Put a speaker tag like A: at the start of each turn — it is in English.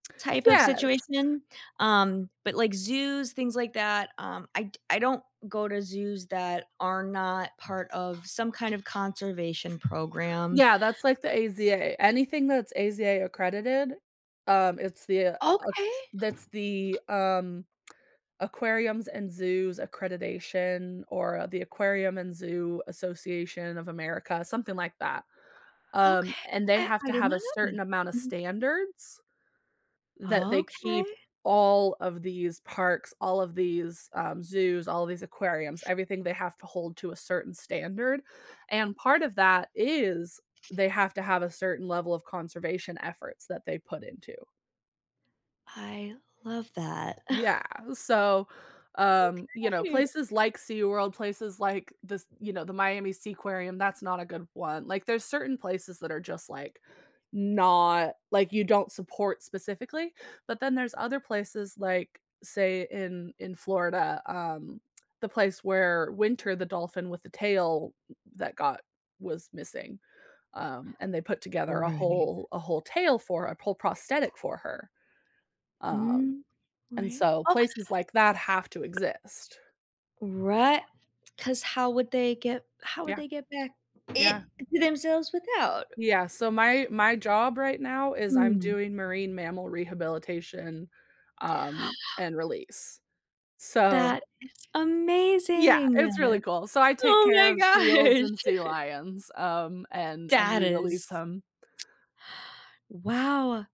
A: Type of
B: Yes.
A: situation, um, but like zoos, things like that, um, I d I don't go to zoos that are not part of some kind of conservation program.
B: Yeah, that's like the AZA. Anything that's AZA accredited, um, it's the uh,
A: Okay.
B: that's the, um, Aquariums and Zoos Accreditation or the Aquarium and Zoo Association of America, something like that, um,
A: Okay
B: and they
A: I
B: have
A: I
B: to
A: did
B: have
A: not
B: a
A: know that.
B: certain amount of
A: Mhm.
B: standards. That they keep
A: Okay.
B: all of these parks, all of these, um, zoos, all of these aquariums, everything they have to hold to a certain standard, and part of that is they have to have a certain level of conservation efforts that they put into.
A: I love that.
B: Yeah, so, um, you know,
A: Okay!
B: places like SeaWorld, places like this you know, the Miami Seaquarium, that's not a good 1. Like, there's certain places that are just, like not like you don't support specifically, but then there's other places, like, say in in Florida, um, the place where Winter the dolphin with the tail that got was missing, um, and they put together a
A: Right.
B: whole a whole tail for a whole prosthetic for her. Um,
A: Mm,
B: and
A: right,
B: so
A: oh
B: places like that have to exist.
A: Right 'cause how would they get how would
B: Yeah.
A: they get back
B: Yeah.
A: in to themselves without?
B: Yeah, so my my job right now is I'm
A: Mm.
B: doing marine mammal rehabilitation, um, and release, so
A: That is
B: Yeah,
A: amazing!
B: it's really cool. So, I take
A: Oh
B: care
A: my
B: of seals
A: gosh!
B: and sea lions, um, and and
A: That is
B: re-release 'em.
A: Wow!